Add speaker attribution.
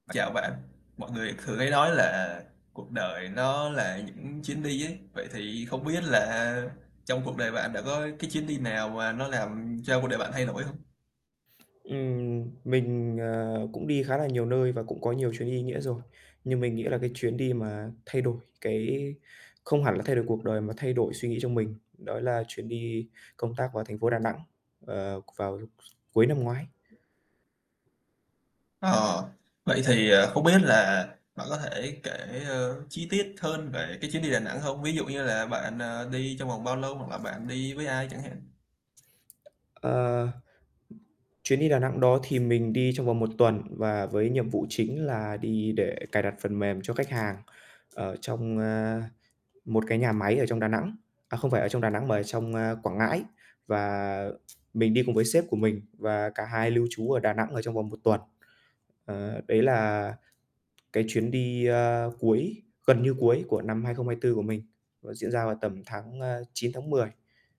Speaker 1: Chào bạn. Mọi người thường hay nói là cuộc đời nó là những chuyến đi ấy. Vậy thì không biết là trong cuộc đời bạn đã có cái chuyến đi nào mà nó làm cho cuộc đời bạn thay đổi hông?
Speaker 2: Ừm, mình, ờ, cũng đi khá là nhiều nơi và cũng có nhiều chuyến đi ý nghĩa rồi. Nhưng mình nghĩ là cái chuyến đi mà thay đổi cái không hẳn là thay đổi cuộc đời mà thay đổi suy nghĩ trong mình, đó là chuyến đi công tác vào thành phố Đà Nẵng, ờ, vào s cuối năm ngoái.
Speaker 1: Ờ, vậy thì, ờ, không biết là bạn có thể kể, ơ, chi tiết hơn về cái chuyến đi Đà Nẵng hông? Ví dụ như là bạn, ờ, đi trong vòng bao lâu hoặc là bạn đi với ai chẳng hạn?
Speaker 2: Ờ, chuyến đi Đà Nẵng đó thì mình đi trong vòng 1 tuần và với nhiệm vụ chính là đi để cài đặt phần mềm cho khách hàng ở trong, ờ, một cái nhà máy ở trong Đà Nẵng à, không phải ở trong Đà Nẵng mà ở trong, a, Quảng Ngãi. Và mình đi cùng với sếp của mình và cả hai lưu trú ở Đà Nẵng ở trong vòng 1 tuần. Ờ, đấy là cái chuyến đi, ơ, cuối gần như cuối của năm 2024 của mình, nó diễn ra vào tầm tháng, ơ, 9, tháng 10.